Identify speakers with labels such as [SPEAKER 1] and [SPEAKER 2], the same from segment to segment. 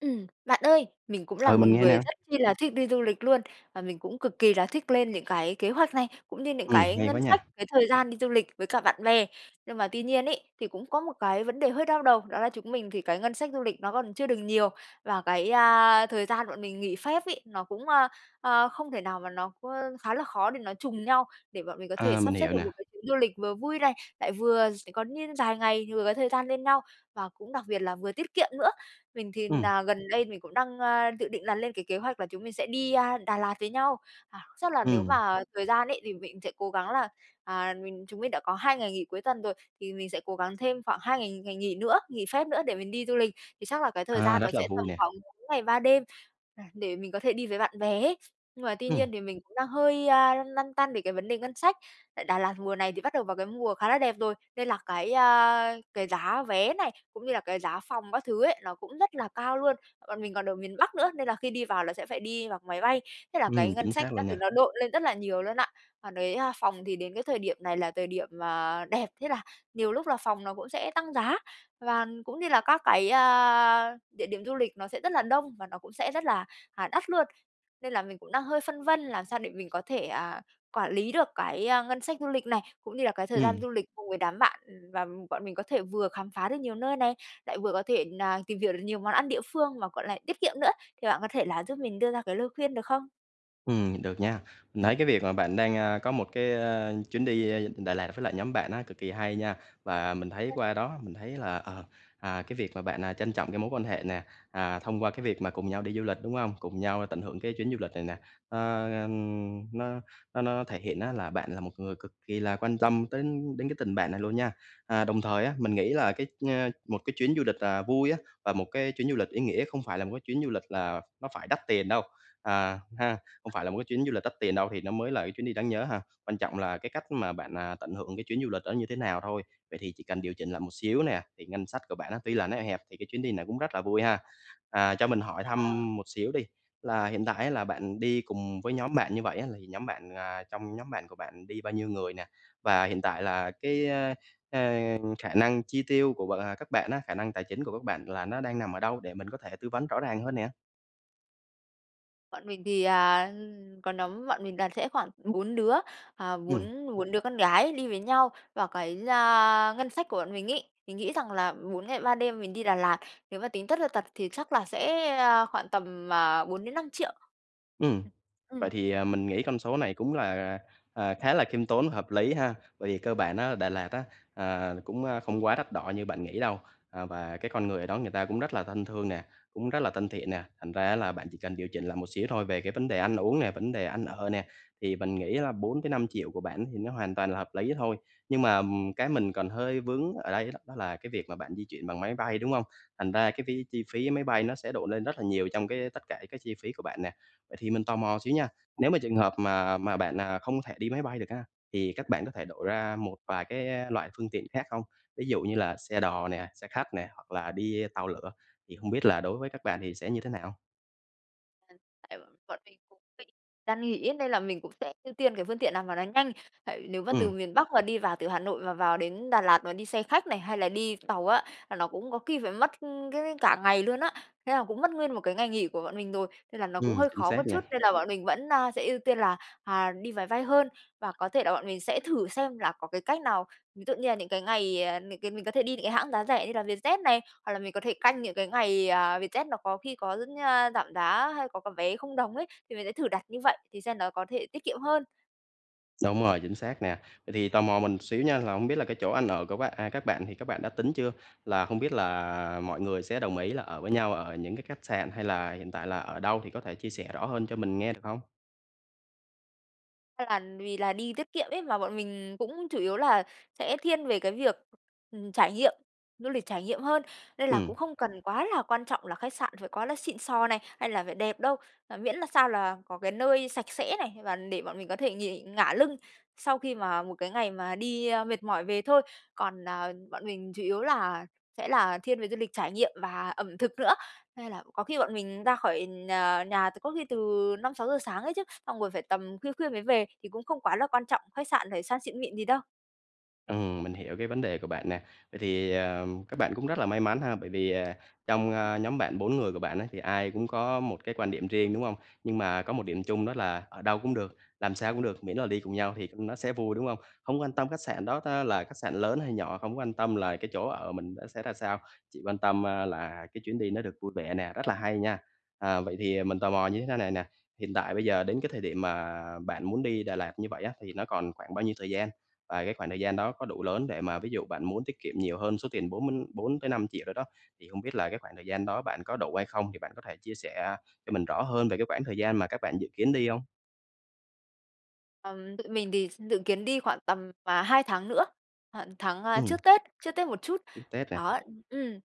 [SPEAKER 1] Ừm, bạn ơi, mình cũng là
[SPEAKER 2] Ừ,
[SPEAKER 1] một
[SPEAKER 2] mình nghe
[SPEAKER 1] người
[SPEAKER 2] nè.
[SPEAKER 1] rất chi là thích đi du lịch luôn, và mình cũng cực kỳ là thích lên những cái kế hoạch này, cũng như những
[SPEAKER 2] Ừm,
[SPEAKER 1] cái
[SPEAKER 2] hay
[SPEAKER 1] ngân
[SPEAKER 2] quá
[SPEAKER 1] sách,
[SPEAKER 2] nha.
[SPEAKER 1] cái thời gian đi du lịch với cả bạn bè. Nhưng mà tuy nhiên ấy, thì cũng có một cái vấn đề hơi đau đầu, đó là chúng mình thì cái ngân sách du lịch nó còn chưa được nhiều, và cái, a, thời gian bọn mình nghỉ phép ấy, nó cũng, ơ, à, không thể nào mà nó ơ, khá là khó để nó trùng nhau để bọn mình có thể
[SPEAKER 2] Ờ, mình
[SPEAKER 1] sắp xếp
[SPEAKER 2] hiểu
[SPEAKER 1] được
[SPEAKER 2] nè.
[SPEAKER 1] một cái chuyến du lịch vừa vui này, lại vừa sẽ có nh dài ngày thì vừa có thời gian lên nhau và cũng đặc biệt là vừa tiết kiệm nữa. Mình thì
[SPEAKER 2] Ừm.
[SPEAKER 1] nà gần đây mình cũng đang, ơ, dự định là lên cái kế hoạch là chúng mình sẽ đi, a, Đà Lạt với nhau. À, chắc là nếu
[SPEAKER 2] Ừm.
[SPEAKER 1] mà thời gian ấy, thì mình sẽ cố gắng là, à, mình chúng mình đã có 2 ngày nghỉ cuối tuần rồi, thì mình sẽ cố gắng thêm khoảng 2 ngày ngày nghỉ nữa, nghỉ phép nữa để mình đi du lịch, thì chắc là cái thời
[SPEAKER 2] À,
[SPEAKER 1] gian đó
[SPEAKER 2] rất là
[SPEAKER 1] sẽ tầm
[SPEAKER 2] vui nè.
[SPEAKER 1] khoảng 4 ngày 3 đêm, à, để mình có thể đi với bạn bè ấy. Nhưng mà tuy
[SPEAKER 2] Ừm.
[SPEAKER 1] nhiên thì mình cũng đang hơi, a, lăn lăn tăn về cái vấn đề ngân sách. Tại Đà Lạt mùa này thì bắt đầu vào cái mùa khá là đẹp rồi, nên là cái, a, cái giá vé này, cũng như là cái giá phòng các thứ ấy, nó cũng rất là cao luôn. Bọn mình còn ở miền Bắc nữa nên là khi đi vào là sẽ phải đi bằng máy bay, thế là
[SPEAKER 2] Ừm,
[SPEAKER 1] cái ngân
[SPEAKER 2] chính
[SPEAKER 1] sách
[SPEAKER 2] xác
[SPEAKER 1] đó,
[SPEAKER 2] luôn
[SPEAKER 1] thì
[SPEAKER 2] nha.
[SPEAKER 1] nó độn lên rất là nhiều luôn á. Còn cái phòng thì đến cái thời điểm này là thời điểm, à, đẹp, thế là nhiều lúc là phòng nó cũng sẽ tăng giá và cũng như là các cái, a, địa điểm du lịch nó sẽ rất là đông và nó cũng sẽ rất là, à, đắt luôn. Nên là mình cũng đang hơi phân vân làm sao để mình có thể, à, quản lý được cái, a, ngân sách du lịch này, cũng như là cái thời gian
[SPEAKER 2] Ừm.
[SPEAKER 1] du lịch cùng với đám bạn và bọn mình có thể vừa khám phá được nhiều nơi này, lại vừa có thể nà tìm hiểu được nhiều món ăn địa phương và, gọi là, tiết kiệm nữa. Thì bạn có thể là giúp mình đưa ra cái lời khuyên được không?
[SPEAKER 2] Ừm, được nha. Mình thấy cái việc mà bạn đang, ơ, có một cái, ơ, chuyến đi Đà Lạt với lại nhóm bạn á cực kỳ hay nha. Và mình thấy
[SPEAKER 1] [unintelligible]
[SPEAKER 2] qua đó mình thấy là, ờ, à, cái việc mà bạn trân trọng cái mối quan hệ nè, à, thông qua cái việc mà cùng nhau đi du lịch, đúng hông? Cùng nhau tận hưởng cái chuyến du lịch này nè, à, ừm, nó nó nó thể hiện á là bạn là một người cực kỳ là quan tâm tới đến cái tình bạn này luôn nha. À, đồng thời á, mình nghĩ là cái, ơ một cái chuyến du lịch là vui á, và một cái chuyến du lịch ý nghĩa không phải là một cái chuyến du lịch là nó phải đắt tiền đâu, à ha, không phải là một cái chuyến du lịch đắt tiền đâu thì nó mới là cái chuyến đi đáng nhớ ha. Quan trọng là cái cách mà bạn, à, tận hưởng cái chuyến du lịch đó như thế nào thôi. Vậy thì chỉ cần điều chỉnh lại một xíu nè, thì ngân sách của bạn tuy là nó eo hẹp thì cái chuyến đi này cũng rất là vui ha. À, cho mình hỏi
[SPEAKER 1] À.
[SPEAKER 2] thăm một xíu đi, là hiện tại á là bạn đi cùng với nhóm bạn như vậy á, thì nhóm bạn, à, trong nhóm bạn của bạn đi bao nhiêu người nè. Và hiện tại là cái, a, khả năng chi tiêu của bạn, à các bạn á, khả năng tài chính của các bạn là nó đang nằm ở đâu để mình có thể tư vấn rõ ràng hơn nè.
[SPEAKER 1] Bọn mình thì, à, ừ, có nắm bọn mình đoàn sẽ khoảng 4 đứa, à,
[SPEAKER 2] Ừm.
[SPEAKER 1] bốn bốn đứa con gái đi với nhau và cái, a, ngân sách của bọn mình ý, mình nghĩ rằng là 4 ngày 3 đêm mình đi Đà Lạt, nếu mà tính tất là tật thì chắc là sẽ, a, khoảng tầm, ờ, 4 đến 5.000.000.
[SPEAKER 2] Ừm, vậy
[SPEAKER 1] Ừm.
[SPEAKER 2] thì, à, mình nghĩ con số này cũng là, à, à, khá là khiêm tốn, hợp lý ha. Bởi vì cơ bản á Đà Lạt á, ờ, cũng không quá đắt đỏ như bạn nghĩ đâu, à, và cái con người ở đó người ta cũng rất là thân thương nè, cũng rất là thân thiện nè, thành ra á là bạn chỉ cần điều chỉnh lại một xíu thôi. Về cái vấn đề ăn uống nè, vấn đề ăn ở nè, thì mình nghĩ là 4 tới 5.000.000 của bạn thì nó hoàn toàn là hợp lý thôi. Nhưng mà, ừm, cái mình còn hơi vướng ở đây đó là cái việc mà bạn di chuyển bằng máy bay, đúng hông? Thành ra cái phí chi phí máy bay nó sẽ độn lên rất là nhiều trong cái tất cả các chi phí của bạn nè. Vậy thì mình tò mò xíu nha, nếu mà trường hợp mà mà bạn, à, không thể đi máy bay được á, thì các bạn có thể đổi ra một vài cái loại phương tiện khác không? Ví dụ như là xe đò nè, xe khách nè, hoặc là đi tàu lửa, thì hông biết là đối với các bạn thì sẽ như thế nào?
[SPEAKER 1] Hiện tại bọn mình cũng định đang nghĩ nên là mình cũng sẽ ưu tiên cái phương tiện nào mà nó nhanh. Tại vì nếu mà từ
[SPEAKER 2] Ừm.
[SPEAKER 1] miền Bắc mà đi vào từ Hà Nội mà vào đến Đà Lạt mà đi xe khách này, hay là đi tàu á là nó cũng có khi phải mất cái mấy cả ngày luôn á. Thế là cũng mất nguyên một cái ngày nghỉ của bọn mình rồi, nên là nó cũng
[SPEAKER 2] Ừm,
[SPEAKER 1] hơi
[SPEAKER 2] chính
[SPEAKER 1] khó một
[SPEAKER 2] xác
[SPEAKER 1] chút,
[SPEAKER 2] nha!
[SPEAKER 1] nên là bọn mình vẫn, ờ, sẽ ưu tiên là, à, đi máy bay hơn. Và có thể là bọn mình sẽ thử xem là có cái cách nào, ví dụ như là những cái ngày, ờ, những cái mình có thể đi những cái hãng giá rẻ như là Vietjet này, hoặc là mình có thể canh những cái ngày, à, Vietjet nó có khi có rất nh giảm giá hay có có vé 0 đồng ấy, thì mình sẽ thử đặt như vậy thì xem nó có thể tiết kiệm hơn.
[SPEAKER 2] Đúng rồi, chính xác nè! Vậy thì tò mò mình xíu nha, là không biết là cái chỗ ăn ở của bạn à, các bạn thì các bạn đã tính chưa? Là không biết là, à, mọi người sẽ đồng ý là ở với nhau ở những cái khách sạn hay là hiện tại là ở đâu, thì có thể chia sẻ rõ hơn cho mình nghe được hông?
[SPEAKER 1] Cơ bản vì là đi tiết kiệm ấy, mà bọn mình cũng chủ yếu là sẽ thiên về cái việc, ừm, trải nghiệm du lịch trải nghiệm hơn. Nên là cũng
[SPEAKER 2] Ừm.
[SPEAKER 1] không cần quá là quan trọng là khách sạn phải quá là xịn xò này, hay là phải đẹp đâu, à, miễn là sao là có cái nơi sạch sẽ này và để bọn mình có thể nghỉ ngả lưng sau khi mà một cái ngày mà đi, a, mệt mỏi về thôi. Còn, à, bọn mình chủ yếu là sẽ là thiên về du lịch trải nghiệm và ẩm thực nữa. Nên là có khi bọn mình ra khỏi nh nhà từ có khi từ 5:00-6:00 sáng ấy chứ, xong rồi phải tầm khuya khuya mới về thì cũng không quá là quan trọng khách sạn phải sang xịn mịn gì đâu.
[SPEAKER 2] Ừm, mình hiểu cái vấn đề của bạn nè. Vậy thì, ờ, các bạn cũng rất là may mắn ha, bởi vì, ờ, trong, ơ, nhóm bạn 4 người của bạn á thì ai cũng có một cái quan điểm riêng, đúng hông? Nhưng mà có một điểm chung đó là, ở đâu cũng được, làm sao cũng được, miễn là đi cùng nhau thì, ừm, nó sẽ vui, đúng hông? Không quan tâm khách sạn đó ta là khách sạn lớn hay nhỏ, không có quan tâm là cái chỗ ở mình đó sẽ ra sao, chỉ quan tâm, ơ, là cái chuyến đi nó được vui vẻ nè, rất là hay nha! À, vậy thì mình tò mò như thế này nè, hiện tại bây giờ đến cái thời điểm mà bạn muốn đi Đà Lạt như vậy á, thì nó còn khoảng bao nhiêu thời gian? Và cái khoảng thời gian đó có đủ lớn để mà ví dụ bạn muốn tiết kiệm nhiều hơn số tiền 4 mới 4-5 triệu đó đó, thì hông biết là cái khoảng thời gian đó bạn có đủ hay không, thì bạn có thể chia sẻ cho mình rõ hơn về cái quãng thời gian mà các bạn dự kiến đi hông?
[SPEAKER 1] Ừm, tụi mình thì s dự kiến đi khoảng tầm, à, hai tháng nữa, khoảng tháng, a,
[SPEAKER 2] Ừm.
[SPEAKER 1] trước Tết, trước Tết một chút,
[SPEAKER 2] Trước Tết nè.
[SPEAKER 1] đó ừm,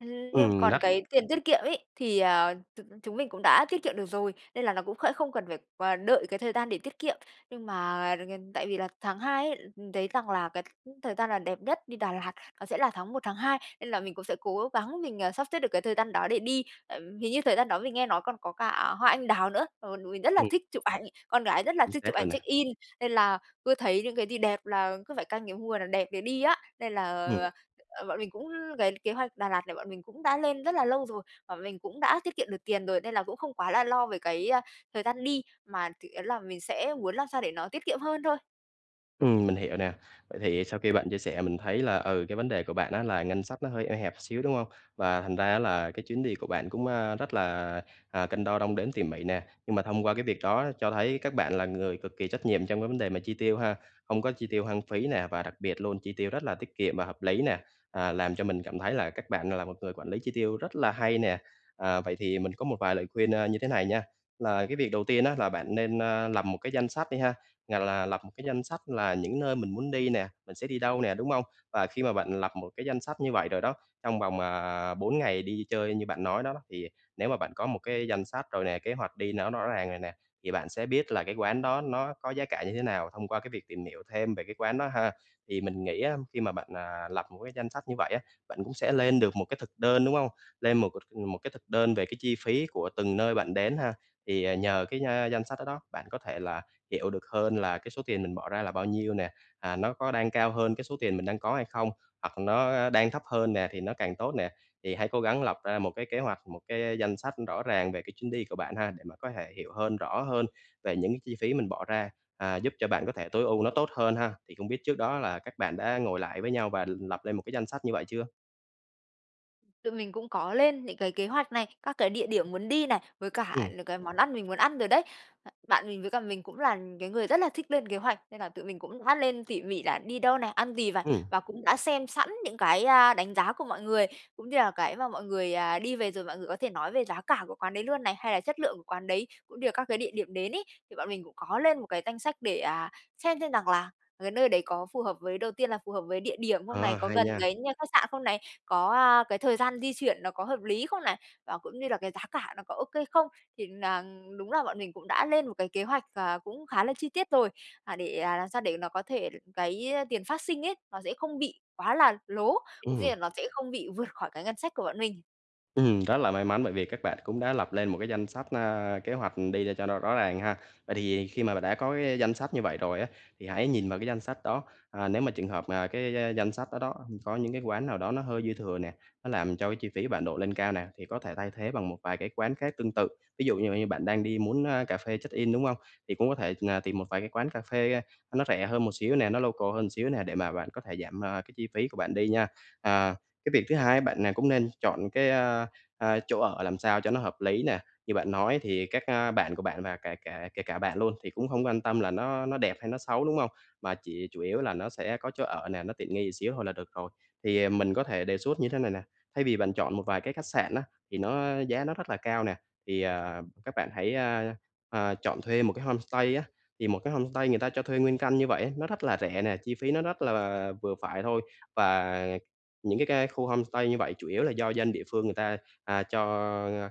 [SPEAKER 1] ừm, nhưng
[SPEAKER 2] Ừm,
[SPEAKER 1] còn
[SPEAKER 2] đắt.
[SPEAKER 1] cái tiền tiết kiệm ấy thì, ờ, chúng chúng mình cũng đã tiết kiệm được rồi, nên là nó cũng khẽ không cần phải q đợi cái thời gian để tiết kiệm. Nhưng mà [unintelligible] tại vì là tháng 2 ấy, ừm, thấy rằng là cái, ừm, thời gian là đẹp nhất đi Đà Lạt, nó sẽ là tháng 1 tháng 2, nên là mình cũng sẽ cố gắng mình, ờ, sắp xếp được cái thời gian đó để đi. Ừm, hình như thời gian đó mình nghe nói còn có cả hoa anh đào nữa, ờ, tụi mình rất là
[SPEAKER 2] Ừm.
[SPEAKER 1] thích chụp ảnh, con gái rất là
[SPEAKER 2] Chính
[SPEAKER 1] thích chụp
[SPEAKER 2] xác
[SPEAKER 1] ảnh
[SPEAKER 2] luôn
[SPEAKER 1] check
[SPEAKER 2] nè.
[SPEAKER 1] in, nên là cứ thấy những cái gì đẹp là cứ phải canh cái mùa nào đẹp để đi á, nên là,
[SPEAKER 2] Ừm.
[SPEAKER 1] ờ, bọn mình cũng cái kế hoạch Đà Lạt này bọn mình cũng đã lên rất là lâu rồi, bọn mình cũng đã tiết kiệm được tiền rồi nên là cũng không quá là lo về cái, ơ, thời gian đi, mà chủ yếu là mình sẽ muốn làm sao để nó tiết kiệm hơn thôi.
[SPEAKER 2] Ừm, mình hiểu nè. Vậy thì sau khi bạn chia sẻ mình thấy là, ừ, cái vấn đề của bạn á là ngân sách nó hơi eo hẹp xíu, đúng hông? Và thành ra á là cái chuyến đi của bạn cũng, a, rất là, à, cân đo đong đếm tỉ mỉ nè. Nhưng mà thông qua cái việc đó cho thấy các bạn là người cực kỳ trách nhiệm trong cái vấn đề mà chi tiêu ha, hông có chi tiêu hoang phí nè và đặc biệt luôn, chi tiêu rất là tiết kiệm và hợp lý nè, à, làm cho mình cảm thấy là các bạn, à, là một người quản lý chi tiêu rất là hay nè. À, vậy thì mình có một vài lời khuyên, a, như thế này nha, là cái việc đầu tiên á là bạn nên, a, lập một cái danh sách đi ha, à, là lập một cái danh sách là những nơi mình muốn đi nè, mình sẽ đi đâu nè, đúng hông? Và khi mà bạn lập một cái danh sách như vậy rồi đó, trong vòng, à, 4 ngày đi chơi như bạn nói đó đó, thì nếu mà bạn có một cái danh sách rồi nè, kế hoạch đi nó rõ ràng rồi nè, thì bạn sẽ biết là cái quán đó nó có giá cả như thế nào thông qua cái việc tìm hiểu thêm về cái quán đó ha. Thì mình nghĩ á, khi mà bạn, à, lập một cái danh sách như vậy á, bạn cũng sẽ lên được một cái thực đơn, đúng hông? Lên một một cái thực đơn về cái chi phí của từng nơi bạn đến ha, thì, ờ, nhờ cái, a, danh sách đó đó, bạn có thể là hiểu được hơn là cái số tiền mình bỏ ra là bao nhiêu nè, à, nó có đang cao hơn cái số tiền mình đang có hay không, hoặc nó đang thấp hơn nè thì nó càng tốt nè. Thì hãy cố gắng lập ra một cái kế hoạch, một cái danh sách rõ ràng về cái chuyến đi của bạn ha, để mà có thể hiểu hơn, rõ hơn về những cái chi phí mình bỏ ra, à, giúp cho bạn có thể tối ưu nó tốt hơn ha. Thì không biết trước đó là các bạn đã ngồi lại với nhau và lập lên một cái danh sách như vậy chưa?
[SPEAKER 1] Tụi mình cũng có lên những cái kế hoạch này, các cái địa điểm muốn đi này, với cả
[SPEAKER 2] Ừm.
[SPEAKER 1] những cái món ăn mình muốn ăn rồi đấy. Bạn mình với cả mình cũng là cái người rất là thích lên kế hoạch, nên là tụi mình cũng bắt lên tỉ mỉ là đi đâu này, ăn gì vày
[SPEAKER 2] Ừm.
[SPEAKER 1] và cũng đã xem sẵn những cái, à, đánh giá của mọi người, cũng như là cái mà mọi người, ờ, đi về rồi mọi người có thể nói về giá cả của quán đấy luôn này, hay là chất lượng của quán đấy cũng như là các cái địa điểm đến ấy. Thì bọn mình cũng có lên một cái danh sách để, à, xem xem rằng là cái nơi đấy có phù hợp với đầu tiên là phù hợp với địa điểm không này,
[SPEAKER 2] Ờ,
[SPEAKER 1] có
[SPEAKER 2] hay
[SPEAKER 1] gần
[SPEAKER 2] nha!
[SPEAKER 1] cái nh khách sạn không này, có, à, cái thời gian di chuyển nó có hợp lý không này, và cũng như là cái giá cả nó có okay không? Thì là đúng là bọn mình cũng đã lên một cái kế hoạch, ờ, cũng khá là chi tiết rồi, à, để, à, làm sao để nó có thể cái tiền phát sinh ấy, nó sẽ không bị quá là lố, cũng như
[SPEAKER 2] Ừm.
[SPEAKER 1] là nó sẽ không bị vượt khỏi cái ngân sách của bọn mình.
[SPEAKER 2] Ừm, rất là may mắn bởi vì các bạn cũng đã lập lên một cái danh sách, à, kế hoạch đi cho nó rõ ràng ha. Vậy thì khi mà bạn đã có cái danh sách như vậy rồi á, thì hãy nhìn vào cái danh sách đó, à, nếu mà trường hợp mà cái danh sách đó đó có những cái quán nào đó nó hơi dư thừa nè, nó làm cho cái chi phí bạn đội lên cao nè, thì có thể thay thế bằng một vài cái quán khác tương tự. Ví dụ như như bạn đang đi muốn, ơ, cà phê check-in, đúng hông? Thì cũng có thể, ờ, tìm một vài cái quán cà phê, ờ, nó rẻ hơn một xíu nè, nó local hơn xíu nè, để mà bạn có thể giảm, ờ, cái chi phí của bạn đi nha. À, cái việc thứ hai á, bạn, à, cũng nên chọn cái, ờ, ờ, chỗ ở làm sao cho nó hợp lý nè. Như bạn nói thì các, ờ, bạn của bạn và kể cả kể cả bạn luôn thì cũng hông quan tâm là nó nó đẹp hay nó xấu, đúng hông? Mà chỉ chủ yếu là nó sẽ có chỗ ở nè, nó tiện nghi xíu thôi là được rồi. Thì mình có thể đề xuất như thế này nè, thay vì bạn chọn một vài cái khách sạn á, thì nó giá nó rất là cao nè, thì, ờ, các bạn hãy, ờ, ờ, chọn thuê một cái homestay á. Thì một cái homestay người ta cho thuê nguyên căn như vậy á, nó rất là rẻ nè, chi phí nó rất là vừa phải thôi. Và những cái cái khu homestay như vậy chủ yếu là do dân địa phương người ta, à, cho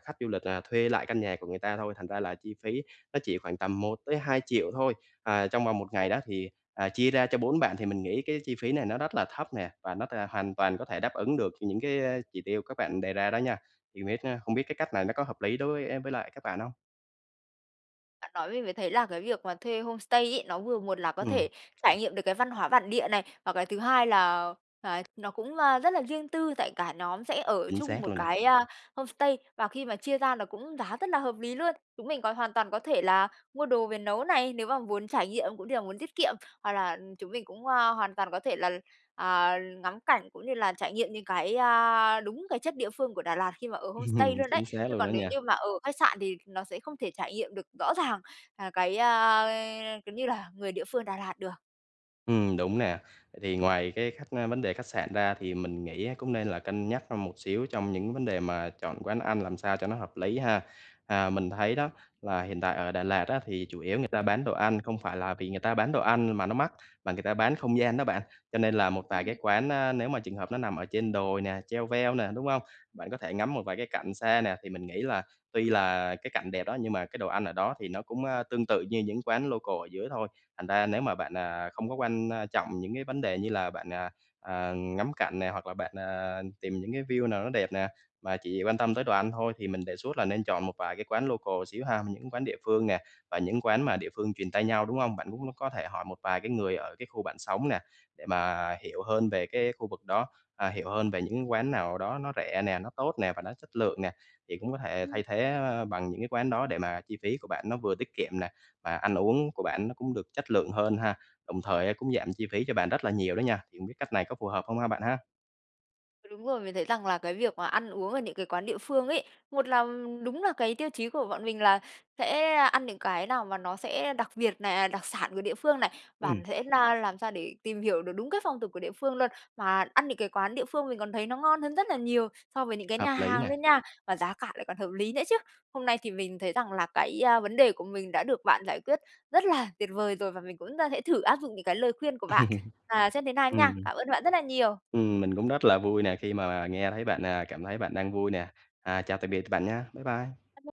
[SPEAKER 2] khách du lịch là thuê lại căn nhà của người ta thôi, thành ra là chi phí nó chỉ khoảng tầm 1.000.000-2.000.000 thôi, à, trong vòng 1 ngày đó, thì, ờ, chia ra cho 4 bạn thì mình nghĩ cái chi phí này nó rất là thấp nè và nó t hoàn toàn có thể đáp ứng được những cái, ờ, chỉ tiêu các bạn đề ra đó nha. Thì biết, ơ không biết cái cách này nó có hợp lý đối e với lại các bạn hông?
[SPEAKER 1] Bạn nói mình mới thấy là cái việc mà thuê homestay ấy, nó vừa một là có
[SPEAKER 2] Ừm.
[SPEAKER 1] thể trải nghiệm được cái văn hóa bản địa này, và cái thứ hai là, à, nó cũng, ơ, rất là riêng tư, tại cả nhóm sẽ ở
[SPEAKER 2] Chính
[SPEAKER 1] chung
[SPEAKER 2] xác
[SPEAKER 1] một
[SPEAKER 2] luôn nè.
[SPEAKER 1] cái homestay và khi mà chia ra nó cũng giá rất là hợp lý luôn. Chúng mình còn hoàn toàn có thể là mua đồ về nấu này, nếu mà muốn trải nghiệm cũng như là muốn tiết kiệm, hoặc là chúng mình cũng, a, hoàn toàn có thể là, à, ngắm cảnh cũng như là trải nghiệm những cái, a, đúng cái chất địa phương của Đà Lạt khi mà ở homestay
[SPEAKER 2] Ừm,
[SPEAKER 1] luôn đấy.
[SPEAKER 2] chính xác
[SPEAKER 1] Chứ
[SPEAKER 2] luôn đó
[SPEAKER 1] còn nếu như
[SPEAKER 2] nha.
[SPEAKER 1] mà ở khách sạn thì nó sẽ không thể trải nghiệm được rõ ràng, à, cái, a, kiểu như là người địa phương Đà Lạt được.
[SPEAKER 2] Ừm, đúng nè. Vậy thì ngoài cái khách ơ, vấn đề khách sạn ra thì mình nghĩ á cũng nên là cân nhắc hơn một xíu trong những vấn đề mà chọn quán ăn làm sao cho nó hợp lý ha. À, mình thấy đó, là hiện tại ở Đà Lạt á thì chủ yếu người ta bán đồ ăn, không phải là vì người ta bán đồ ăn mà nó mắc, mà người ta bán không gian đó bạn. Cho nên là một vài cái
[SPEAKER 1] Ừm.
[SPEAKER 2] quán á nếu mà trường hợp nó nằm ở trên đồi nè, cheo veo nè, đúng hông? Bạn có thể ngắm một vài cái cảnh xa nè, thì mình nghĩ là tuy là cái cảnh đẹp đó nhưng mà cái đồ ăn ở đó thì nó cũng, ơ, tương tự như những quán local ở dưới thôi. Thành ra nếu mà bạn, à, không có quan, a, trọng những cái vấn đề như là bạn, à, à, ngắm cảnh nè hoặc là bạn, à, tìm những cái view nào nó đẹp nè, mà chỉ quan tâm tới đồ ăn thôi thì mình đề xuất là nên chọn một vài cái quán local xíu ha. Những quán địa phương nè và những quán mà
[SPEAKER 1] Ừm.
[SPEAKER 2] địa phương truyền tai nhau, đúng hông? Bạn cũng có thể hỏi một vài cái người ở cái khu bạn sống nè, để mà hiểu hơn về cái khu vực đó, à, hiểu hơn về những cái quán nào đó nó rẻ nè, nó tốt nè, và nó chất lượng nè, thì cũng có thể
[SPEAKER 1] Ừm
[SPEAKER 2] thay thế bằng những cái quán đó để mà chi phí của bạn nó vừa tiết kiệm nè, và ăn uống của bạn nó cũng được chất lượng hơn ha. Đồng thời cũng giảm chi phí cho bạn rất là nhiều đó nha, thì hông biết cách này có phù hợp hông ha bạn ha?
[SPEAKER 1] Đúng rồi, mình thấy rằng là cái việc mà ăn uống ở những cái quán địa phương ấy, một là đúng là cái tiêu chí của bọn mình là sẽ ăn những cái nào mà nó sẽ đặc biệt này, à, đặc sản của địa phương này, và
[SPEAKER 2] Ừm.
[SPEAKER 1] thể na làm sao để tìm hiểu được đúng cái phong tục của địa phương luôn. Mà ăn những cái quán địa phương mình còn thấy nó ngon hơn rất là nhiều so với những cái nhà
[SPEAKER 2] Hợp lý
[SPEAKER 1] hàng
[SPEAKER 2] nè.
[SPEAKER 1] luôn nha, mà giá cả lại còn hợp lý nữa chứ. Hôm nay thì mình thấy rằng là cái, a, vấn đề của mình đã được bạn giải quyết rất là tuyệt vời rồi và mình cũng ta sẽ thử áp dụng những cái lời khuyên của
[SPEAKER 2] Ừm.
[SPEAKER 1] bạn, à, xem thế nào nha.
[SPEAKER 2] Ừm.
[SPEAKER 1] Cảm ơn bạn rất là nhiều!
[SPEAKER 2] Ừm. Mình cũng rất là vui nè, khi mà nghe thấy bạn, à, cảm thấy bạn đang vui nè. À, chào tạm biệt bạn nha. Bye bye!
[SPEAKER 1] [unintelligible]